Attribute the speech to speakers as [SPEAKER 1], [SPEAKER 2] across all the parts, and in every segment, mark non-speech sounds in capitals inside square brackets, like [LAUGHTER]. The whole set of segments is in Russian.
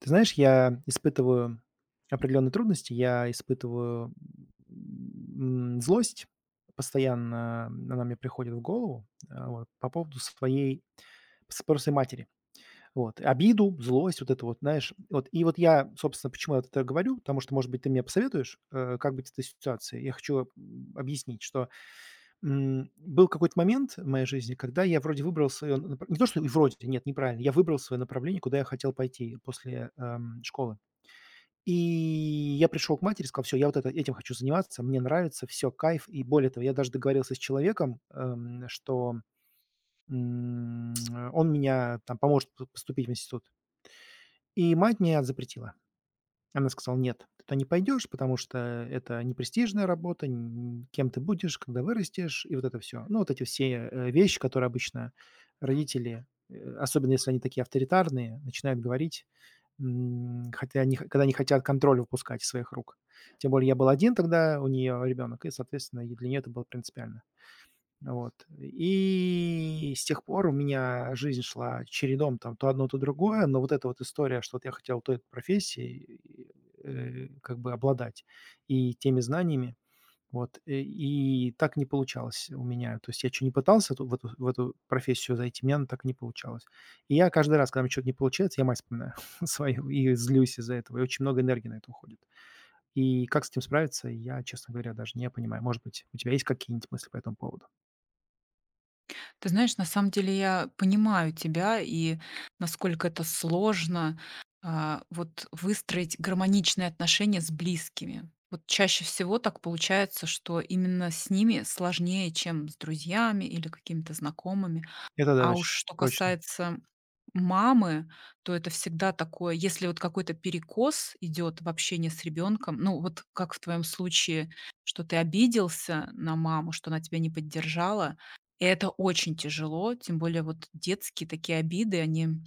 [SPEAKER 1] Ты знаешь, я испытываю определённые трудности. Я испытываю, м, м, злость постоянно. Она мне приходит в голову, а вот, по поводу своей с спросы матери. Вот. Обиду, злость, вот это вот, знаешь, вот. И вот я, собственно, почему я вот это говорю. Потому что, может быть, ты мне посоветуешь, э, как быть с этой ситуацией. Я хочу, м, объяснить, что, м, был какой-то момент в моей жизни, когда я вроде выбрал своё напр не то что и вроде т нет, неправильно. Я выбрал своё направление, куда я хотел пойти после, ам, школы. И я пришёл к матери и сказал: "Всё, я вот этим хочу заниматься, мне нравится, всё, кайф". И более того, я даже договорился с человеком, ам, что, м, он мня там поможет п поступить в институт. И мать мне а запретила. Она сказала: "Нет, ты туда не пойдёшь, потому что это непрестижная работа". Н кем ты будешь, когда вырастешь? И вот это всё. Ну, вот эти все, э, вещи, которые обычно родители, э, особенно если они такие авторитарные, начинают говорить, м, хотя они х когда не хотят контроль выпускать из своих рук. Тем более я был 1 тогда у неё ребёнок, и, соответственно, и для неё это было принципиально. Вот. И с тех пор у меня жизнь шла чередом, там, то одно, то другое. Но вот эта вот история, что вот я хотел той профессией, и и, э, как бы обладать и теми знаниями, вот, э, и так не получалось у меня. То есть я чё ни пытался ту в эту в эту профессию зайти, у меня она так и не получалась. И я каждый раз, когда у меня чё-то не получается, я мать вспоминаю свою и злюсь из-за этого, и очень много энергии на это уходит. И как с этим справиться, я, честно говоря, даже не понимаю. Может быть, у тебя есть какие-нибудь мысли по этому поводу?
[SPEAKER 2] Ты знаешь, на самом деле я понимаю тебя, и насколько это сложно, а, вот выстроить гармоничные отношения с близкими. Вот чаще всего так получается, что именно с ними сложнее, чем с друзьями или какими-то знакомыми.
[SPEAKER 1] Это да,
[SPEAKER 2] А
[SPEAKER 1] точ
[SPEAKER 2] уж что
[SPEAKER 1] точно.
[SPEAKER 2] касается мамы, то это всегда такое, если вот какой-то перекос идет в общении с ребенком, ну, вот как в твоем случае, что ты обиделся на маму, что она тебя не поддержала. И это очень тяжело. Тем более, вот детские такие обиды, они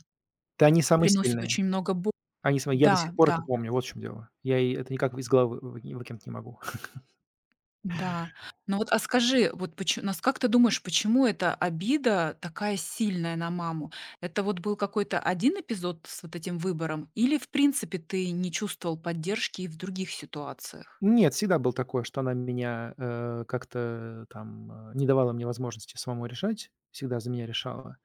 [SPEAKER 1] Да они самые
[SPEAKER 2] приносят
[SPEAKER 1] сильные.
[SPEAKER 2] очень много бо
[SPEAKER 1] Они свои я до сих
[SPEAKER 2] Да,
[SPEAKER 1] пор
[SPEAKER 2] да.
[SPEAKER 1] это помню, вот в чём дело. Я и это никак в из головы вы вы не выкинуть не могу. [CHUCKLES]
[SPEAKER 2] Да, ну вот, а скажи, вот поч нас как ты думаешь, почему эта обида такая сильная на маму? Это вот был какой-то 1 эпизод с вот этим выбором или в принципе ты не чувствовал поддержки и в других ситуациях?
[SPEAKER 1] Нет, всегда было такое, что она меня, э, как-то, э, там, а, не давала мне возможности самому решать. Всегда за меня решала.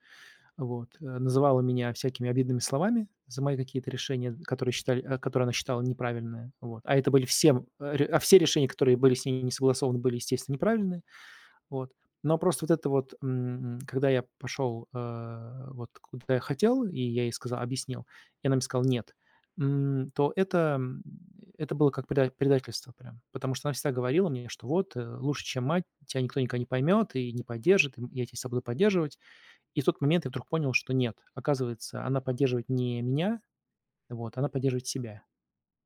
[SPEAKER 1] Вот, э, называла меня всякими обидными словами за мои какие-то решения, которые считали а, которые она считала неправильные. Вот, а это были всем э, а ре а, все решения, которые были с ней не согласованы, были, естественно, неправильные. Вот, но а просто вот это вот, м, м, когда я пошел, а, вот куда я хотел, и я ей сказа объяснил, и она мне сказала: "Нет", м, то это, м, это это было как предать предательство прям. Потому что она всегда говорила мне, что: "Вот, э, лучше, чем мать, тя никто никогда не поймёт и не поддержит. И, м, я тя всегда буду поддерживать". И в тот момент я вдруг понял, что нет. Оказывается, она поддерживает не меня, вот, она поддерживает себя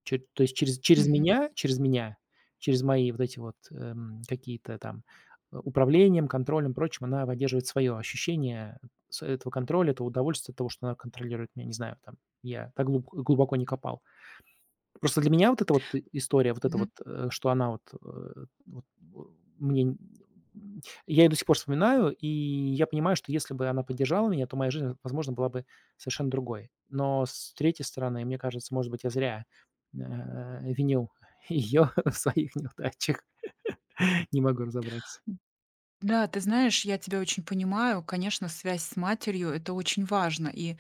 [SPEAKER 1] чёт то есть, через через
[SPEAKER 2] Мгм.
[SPEAKER 1] меня, через меня, через мои вот эти вот, эм, какие-то там, управлением, контролем, прочим, она поддерживает свое ощущение с этого контроля, этого удовольствия от того, что она контролирует меня. Не знаю, там, я так глуб глубоко не копал. Просто для меня вот эта вот и история, вот эта
[SPEAKER 2] Мгм.
[SPEAKER 1] вот, э, что она, вот, э, вот, вэу мне нь нь Я ее до сих пор вспоминаю, и я понимаю, что если бы она поддержала меня, то моя жизнь, возможно, была бы совершенно другой. Но с третьей стороны, мне кажется, может быть, я зря, н а, а, винил ее в своих неудачах. [LAUGHS] Не могу разобраться.
[SPEAKER 2] М, да, ты знаешь, я тебя очень понимаю. Конечно, связь с матерью- это очень важно, и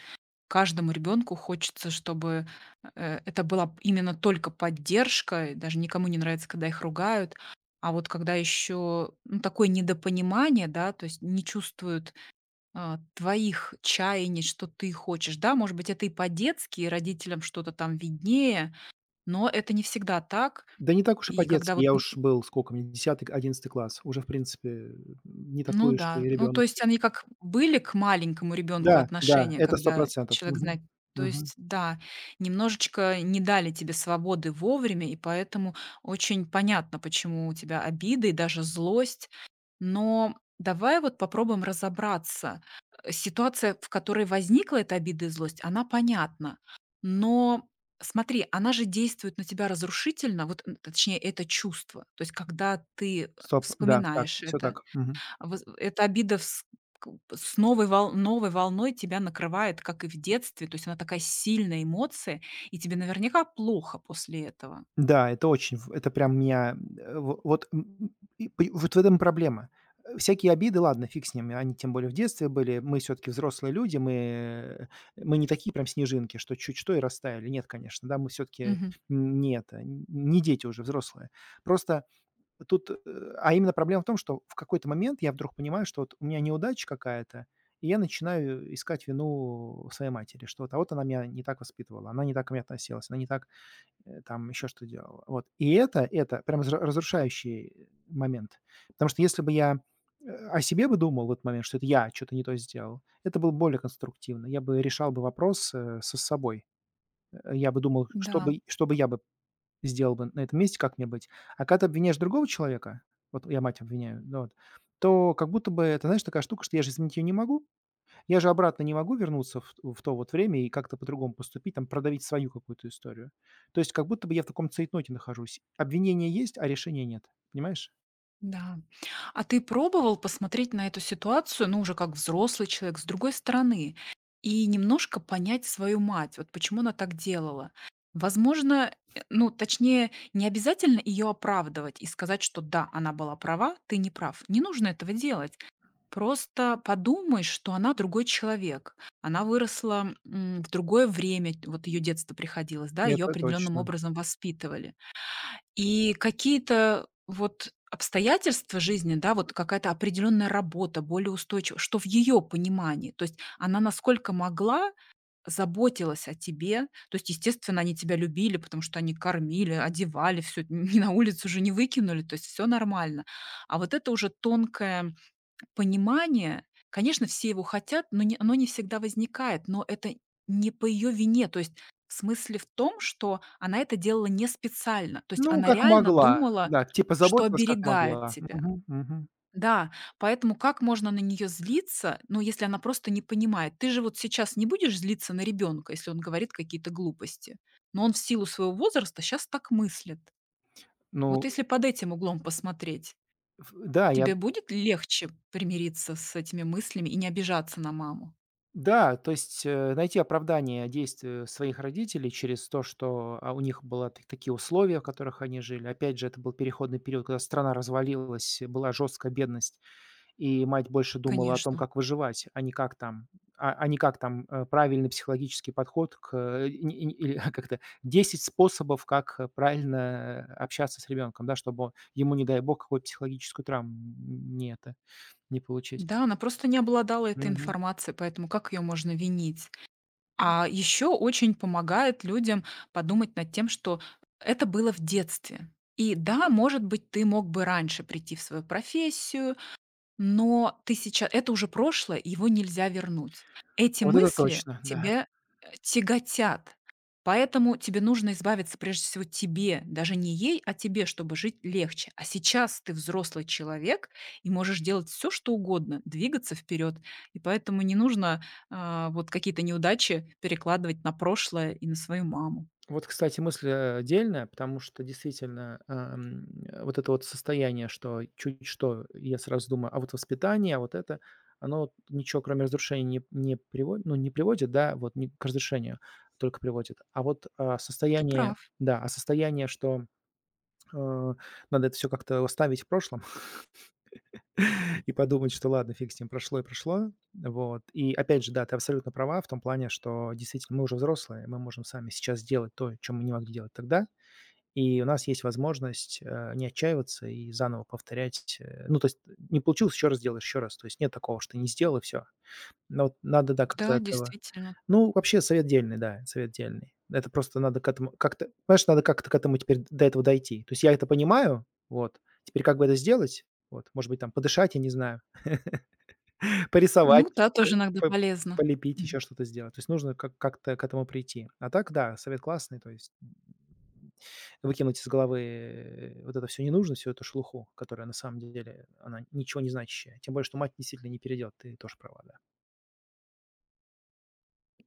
[SPEAKER 2] каждому ребенку хочется, чтобы, э, это была б именно только поддержка. И даже никому не нравится, когда их ругают. А вот когда еще, ну, такое недопонимание, да, то есть не чувствуют, а, твоих чаяний, что ты хочешь, да. Может быть, это и по-детски, и родителям что-то там виднее, но это не всегда так.
[SPEAKER 1] Да не так уж и
[SPEAKER 2] И когда
[SPEAKER 1] по-детски.
[SPEAKER 2] вот
[SPEAKER 1] Я
[SPEAKER 2] н
[SPEAKER 1] уж
[SPEAKER 2] н
[SPEAKER 1] был, скока мне, 10, к 11 класс. Уже, в принципе, н не
[SPEAKER 2] Ну
[SPEAKER 1] такой уж и
[SPEAKER 2] да, ну, то
[SPEAKER 1] ребенок
[SPEAKER 2] есть
[SPEAKER 1] уже.
[SPEAKER 2] они как были к маленькому ребенку
[SPEAKER 1] Да, да,
[SPEAKER 2] отношения,
[SPEAKER 1] это сто
[SPEAKER 2] когда
[SPEAKER 1] процентов.
[SPEAKER 2] человек
[SPEAKER 1] Мгм,
[SPEAKER 2] знает, то
[SPEAKER 1] мгм.
[SPEAKER 2] есть, да, немножечко не дали тебе свободы вовремя, и поэтому очень понятно, почему у тебя обида и даже злость. Но давай вот попробуем разобраться. Э, ситуация, в которой возникла эта обида и злость, она понятна, но смотри, она же действует на тебя разрушительно. Вот н точнее, это чувство. То есть когда ты, э,
[SPEAKER 1] Сто пр да, так,
[SPEAKER 2] вспоминаешь
[SPEAKER 1] всё
[SPEAKER 2] это,
[SPEAKER 1] так, мгм.
[SPEAKER 2] воз в эта обида вс купа с новой вол новой волной тебя накрывает, как и в детстве. То есть она такая сильная эмоция, и тебе наверняка плохо после этого.
[SPEAKER 1] Н-да, это очень в это прям меня, ам, э, в вот, м, м, и по и вот в этом и проблема. Э, всякие обиды, ладно, фиг с ними. Они, тем более, в детстве были. Мы всё-таки взрослые люди, мы, э, мы не такие прям снежинки, что чуть что и растаяли. Нет, конечно, да, мы всё-таки
[SPEAKER 2] Мгм.
[SPEAKER 1] нь не это, не дети уже, взрослые. Просто тут, э, а именно проблема в том, что в какой-то момент я вдруг понимаю, что вот у меня неудача какая-то, и я начинаю искать вину у своей матери, что вот а вот она меня не так воспитывала, она не так ко мне относилась, она не так, э, там, еще что делала. Вот, и это это прямо зря разрушающий, э, момент. Потому что если бы я, э, о себе бы думал в этот момент, что это я чё-то не то сделал, это было б более конструктивно. Я бы решал бы вопрос, э, со собой. Э, я бы думал, что
[SPEAKER 2] Да.
[SPEAKER 1] бы что бы я бы сделал бы на этом месте, как мне быть. А когда ты обвиняешь другого человека, вот я мать обвиняю, ну вот, то как будто бы это, знаешь, такая штука, что я же изменить её не могу. Я же обратно не могу вернуться ф у в то вот время и как-то по-другому поступить, там продавить свою какую-то историю. То есть как будто бы я в таком цейтноте нахожусь: обвинение есть, а решения нет. Понимаешь?
[SPEAKER 2] Да, м. А ты пробовал посмотреть на эту ситуацию, ну, уже как взрослый человек, с другой стороны и немножко понять свою мать, вот почему она так делала? Возможно, э, ну, точнее, не обязательно её оправдывать и сказать, что да, она была права, ты не прав. Не нужно этого делать. Просто подумай, что она другой человек. Она выросла, м, в другое время, т вот её детство приходилось, да, её
[SPEAKER 1] Это
[SPEAKER 2] определённым
[SPEAKER 1] точно.
[SPEAKER 2] образом воспитывали. И какие-то вот обстоятельства жизни, да, вот какая-то определённая работа, более устойчи что в её понимании, то есть она насколько могла, заботилась о тебе. То есть, естественно, они тебя любили, потому что они кормили, одевали, всё т не на улицу же не выкинули. То есть всё нормально. А вот это уже тонкое понимание, конечно, все его хотят, но не оно не всегда возникает, но это не по её вине. То есть в смысле в том, что она это делала не специально. То есть
[SPEAKER 1] Ну,
[SPEAKER 2] она
[SPEAKER 1] как
[SPEAKER 2] реально
[SPEAKER 1] могла,
[SPEAKER 2] думала,
[SPEAKER 1] да. Типа
[SPEAKER 2] что
[SPEAKER 1] заботилась, как
[SPEAKER 2] оберегает
[SPEAKER 1] могла.
[SPEAKER 2] тебя.
[SPEAKER 1] Мгм. Мгм.
[SPEAKER 2] Да. Поэтому как можно на неё злиться, ну, если она просто не понимает? Ты же вот сейчас не будешь злиться на ребёнка, если он говорит какие-то глупости, но он в силу своего возраста щас так мыслит. Вот
[SPEAKER 1] Ну э
[SPEAKER 2] если под этим углом посмотреть,
[SPEAKER 1] Ф да, я.
[SPEAKER 2] тебе будет легче примириться с этими мыслями и не обижаться на маму?
[SPEAKER 1] Да. То есть, э, найти оправдание действию своих родителей через то, что, а, у них была так такие условия, в которых они жили. Опять же, это был переходный период, когда страна развалилась, и была жёсткая бедность, и мать больше думала о том,
[SPEAKER 2] Конечно.
[SPEAKER 1] как выживать, а не как там, а, а не как там, э, правильный психологический подход к, э, и ни и ни или как-то: 10 способов, как а правильно общаться с ребёнком, да, чтобы ему, не дай бог, какую-то психологическую травм, м, не это, не получить.
[SPEAKER 2] Да, она просто не обладала этой
[SPEAKER 1] Мгм.
[SPEAKER 2] информацией, поэтому как её можно винить?
[SPEAKER 1] М.
[SPEAKER 2] А ещё очень помогает людям подумать над тем, что это было в детстве. И да, может быть, ты мог бы раньше прийти в свою профессию, но ты сейча это уже прошлое, его нельзя вернуть. Эти
[SPEAKER 1] Вот это
[SPEAKER 2] мысли
[SPEAKER 1] точно, да.
[SPEAKER 2] тебя, а, тяготят. Поэтому тебе нужно избавиться, прежде всего тебе, даже не ей, а тебе, чтобы жить легче. А сейчас ты взрослый человек и можешь делать всё что угодно, двигаться вперёд. И поэтому не нужно, а, вот какие-то неудачи перекладывать на прошлое и на свою маму.
[SPEAKER 1] Вот, кстати, мысль, а, а дельная, потому что действительно, эм, вот это вот состояние, что чуть что, я сразу думаю: а вот воспитание, а вот это, оно вот ничего, кроме разрушения, не п не приводит, ну, не приводит, да, вот ни к разрешению только приводит. А вот, а,
[SPEAKER 2] Ты
[SPEAKER 1] состояние,
[SPEAKER 2] прав.
[SPEAKER 1] да, а состояние, что, а, надо это всё как-то оставить в прошлом [CHUCKLES] и подумать, что ладно, фиг с ним, прошло и прошло. Вот. И опять же, да, ты абсолютно права в том плане, что действительно мы уже взрослые, мы можем сами сейчас сделать то, чё мы не могли делать тогда. И у нас есть возможность, э, не отчаиваться и заново повторять ть Э, ну, то есть не получилось ещё раз сделай, ещё раз. То есть нет такого, что ты не сделал и всё. Но вот надо, да, как-то
[SPEAKER 2] Да,
[SPEAKER 1] этого.
[SPEAKER 2] действительно.
[SPEAKER 1] Ну, вообще совет дельный, да. Совет дельный. Это просто надо к этому как-то, понимаешь, надо как-то к этому теперь д до этого дойти. То есть я это понимаю. Вот. Теперь как бы это сделать? Вот. Может быть, там подышать, я не знаю, [CHUCKLES] порисовать,
[SPEAKER 2] Ну да,
[SPEAKER 1] п
[SPEAKER 2] тоже иногда
[SPEAKER 1] п
[SPEAKER 2] полезно.
[SPEAKER 1] полепить,
[SPEAKER 2] Мгм.
[SPEAKER 1] ещё что-то сделать. То есть нужно как как-то к этому прийти. А так да, совет классный. То есть, м, выкинуть из головы вот это всё ненужное, всю эту шелуху, которая на самом деле, она ничего не значащая. Тем более что мать действительно не переделать. Ты тоже права, да.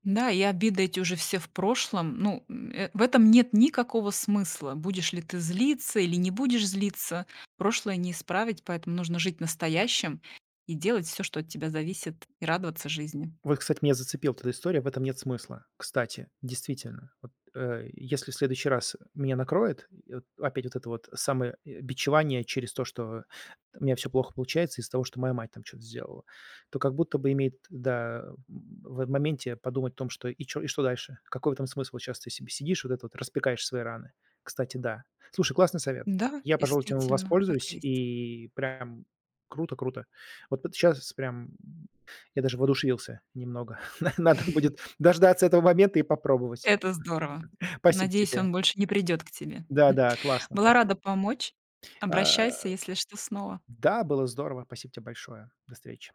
[SPEAKER 2] Да, и обиды эти уже все в прошлом. Ну, м, э, в этом нет никакого смысла. Будешь ли ты злиться или не будешь злиться прошлое не исправить, поэтому нужно жить настоящим и делать всё, что от тебя зависит, и радоваться жизни.
[SPEAKER 1] Вот, кстати, меня зацепила т эта история. В этом нет смысла. Кстати, действительно, вот, э, если в следующий раз меня накроет, и вот опять вот это вот самое, э, бичевание через то, что у меня всё плохо получается из-за того, что моя мать там чё-то сделала, то как будто бы имеет, да, в, э, в моменте подумать о том, что и чё, и что дальше? Какой в этом смысл? Вот щас ты себе сидишь вот этот вот, распекаешь свои раны. Кстати, да. Слушай, классный совет.
[SPEAKER 2] Н-да,
[SPEAKER 1] Я, пожалуй, этим в
[SPEAKER 2] действительно, так
[SPEAKER 1] воспользуюсь.
[SPEAKER 2] и есть.
[SPEAKER 1] И прям круто, круто. Вот п т щас прям я даже воодушевился немного. На надо будет дождаться этого момента и попробовать.
[SPEAKER 2] Это здорово!
[SPEAKER 1] Спасибо
[SPEAKER 2] Надеюсь,
[SPEAKER 1] тебе.
[SPEAKER 2] он больше не придёт к тебе,
[SPEAKER 1] Да,
[SPEAKER 2] м.
[SPEAKER 1] да, классно.
[SPEAKER 2] Была
[SPEAKER 1] Спасибо.
[SPEAKER 2] рада помочь.
[SPEAKER 1] А,
[SPEAKER 2] Обращайся, если что, снова.
[SPEAKER 1] да, было здорово! Спасибо тебе большое. До встречи.